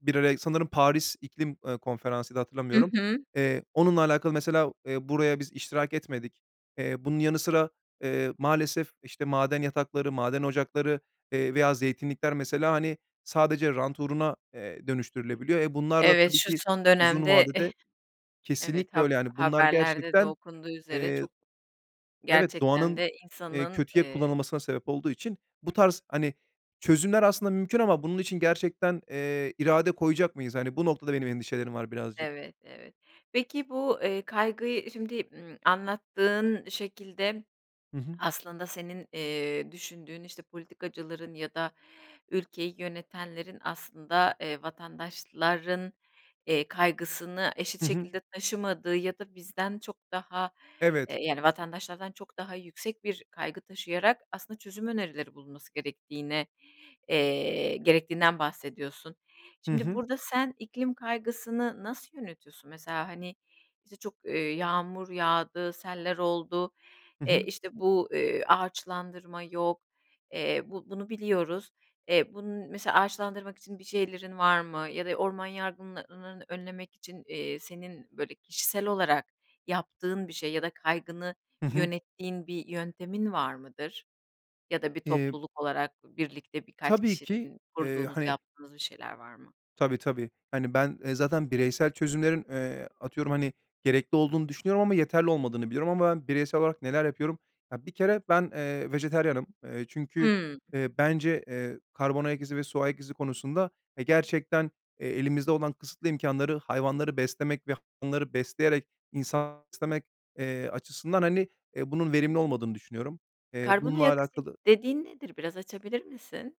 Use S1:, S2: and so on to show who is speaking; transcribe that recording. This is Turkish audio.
S1: Bir ara sanırım Paris İklim, eee, Konferansı'ydı,
S2: Hı
S1: hatırlamıyorum.
S2: hı.
S1: Eee, onunla alakalı mesela, eee, buraya biz iştirak etmedik. Eee, bunun yanı sıra, eee, maalesef, işte, maden yatakları, maden ocakları, eee, veya zeytinlikler mesela, hani, sadece rant uğruna, eee, dönüştürülebiliyor. Eee, bunlar da
S2: Evet,
S1: tabii
S2: şu
S1: ki
S2: son
S1: uzun
S2: dönemde
S1: vade
S2: eh
S1: de
S2: Evet
S1: Kesinlikle
S2: hab
S1: öyle. Yani bunlar
S2: haberlerde de
S1: gerçekten,
S2: okunduğu üzere
S1: eee
S2: çok,
S1: Evet,
S2: gerçekten
S1: doğanın,
S2: de
S1: eee,
S2: insanın
S1: kötüye
S2: eee
S1: kullanılmasına sebep olduğu için bu tarz, hani, çözümler aslında mümkün ama bunun için gerçekten, eee, irade koyacak mıyız? Hani, bu noktada benim endişelerim var birazcık.
S2: Evet, evet. Peki bu, eee, kaygıyı Şimdi, ımm, anlattığın şekilde
S1: Hı hı.
S2: aslında senin, eee, düşündüğün, işte, politikacıların ya da ülkeyi yönetenlerin aslında, eee, vatandaşların, eee, kaygısını eşit
S1: Hı hı.
S2: şekilde taşımadığı ya da bizden çok daha eee,
S1: Evet.
S2: yani vatandaşlardan çok daha yüksek bir kaygı taşıyarak aslında çözüm önerileri bulunması gerektiğine eee, gerektiğinden bahsediyorsun.
S1: Hı
S2: Şimdi
S1: hı.
S2: burada sen iklim kaygısını nasıl yönetiyorsun? Mesela, hani, bize çok, eee, yağmur yağdı, seller oldu,
S1: Hı
S2: eee,
S1: hı.
S2: işte bu, eee, ağaçlandırma yok. Eee, bu bunu biliyoruz. Eee, bunun mesela ağaçlandırmak için bir şeylerin var mı ya da orman yangınlarının önlemek için, eee, senin böyle kişisel olarak yaptığın bir şey ya da kaygını
S1: Hı hı.
S2: yönettiğin bir yöntemin var mıdır? Ya da bir
S1: Eee
S2: topluluk olarak birlikte birkaç
S1: Tabii ki,
S2: kişinin
S1: eee,
S2: kurduğunuz,
S1: hani
S2: yaptığınız bir şeyler var mı?
S1: Tabii, tabii. Hani, ben, eee, zaten bireysel çözümlerin, eee, atıyorum, hani, gerekli olduğunu düşünüyorum ama yeterli olmadığını biliyorum. Ama ben bireysel olarak neler yapıyorum? Ya, bir kere ben, eee, vejetaryenim. Eee, çünkü,
S2: Hımm.
S1: eee, bence, eee, karbon ayak izi ve su ayak izi konusunda, eee, gerçekten, eee, elimizde olan kısıtlı imkânları hayvanları beslemek ve hayvanları besleyerek insan beslemek, eee, açısından, hani, eee, bunun verimli olmadığını düşünüyorum. Eee,
S2: Karbon
S1: bununla
S2: ayak izi
S1: alakalı
S2: dediğin nedir? Biraz açabilir misin?